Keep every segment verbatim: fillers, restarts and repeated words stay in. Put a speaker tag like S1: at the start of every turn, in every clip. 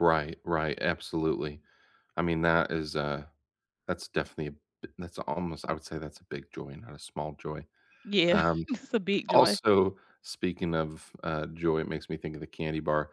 S1: Right right, absolutely. I mean that is a that's definitely b that's almost I would say that's a big joy, not a small joy.
S2: Yeah,
S1: Um,
S2: just, a big joy.
S1: also speaking of, uh, joy- it makes me think of the candy bar.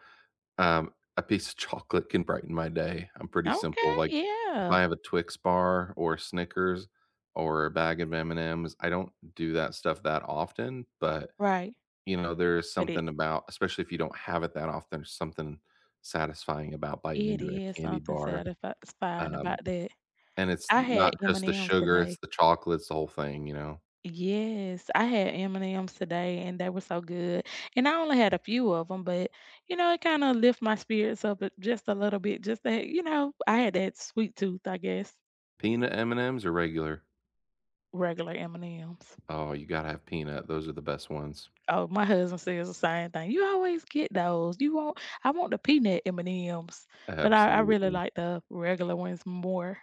S1: Um, a piece of chocolate can brighten my day, I'm pretty simple,
S2: Okay,
S1: like, if
S2: yeah.
S1: I have a Twix bar or Snickers or a bag of M&M's, I don't do that stuff that often, but,
S2: Right.
S1: you know, there is
S2: But i
S1: something about especially if you don't have it that often, there's something satisfying about biting
S2: It
S1: into a
S2: is
S1: candy
S2: something
S1: bar,
S2: satisfying
S1: um,
S2: about that.
S1: and it's
S2: I had
S1: not, just, the
S2: M&M's
S1: sugar,
S2: today.
S1: it's the chocolate, it's the whole thing, you know?
S2: Yes. I had M&M's today, and they were so good and I only had a few of 'em, but, you know, it, kinda, lift my spirits up, a, just, a little bit, just, that, you know, I had that sweet tooth, I guess.
S1: Peanut M&M's or regular?
S2: Regular M&M's.
S1: Oh, you gotta have peanut, those are the best ones.
S2: Oh, my husband says the same thing, "You always get those. You want I want the peanut M&M's," but I I really
S1: Absolutely.
S2: like the regular ones more.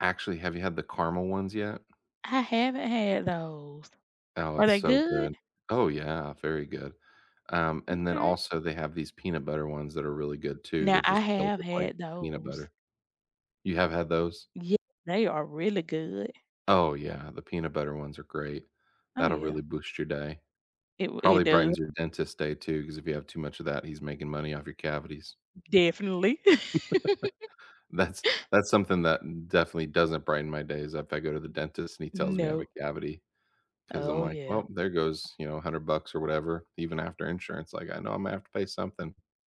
S1: Actually, have you had the caramel ones yet?
S2: I haven't had those.
S1: Oh,
S2: Are
S1: it's
S2: they
S1: so
S2: good?
S1: good. Oh, yeah very good. Um, and then
S2: Okay.
S1: also they have these peanut butter ones that are really good too,
S2: Now
S1: they're,
S2: I
S1: just, filled
S2: have
S1: with, like,
S2: had
S1: peanut
S2: those.
S1: butter. You have had those?
S2: Yeah, they are really good.
S1: Oh, yeah, the peanut butter ones are great.
S2: Oh,
S1: That'll
S2: yeah.
S1: really boost your day.
S2: It w it
S1: Probably
S2: do
S1: brightens your dentist's day too, 'cause if you have too much of that he's making money off your cavities.
S2: Definitely.
S1: That's that's something that definitely doesn't brighten my day, is if I go to the dentist and he tells me I have a
S2: No.
S1: cavity, 'cause I'm
S2: Oh,
S1: like,
S2: yeah.
S1: "Well, there goes, you know, a hundred bucks or whatever," even after insurance, like, I know I'm gonna have to pay something.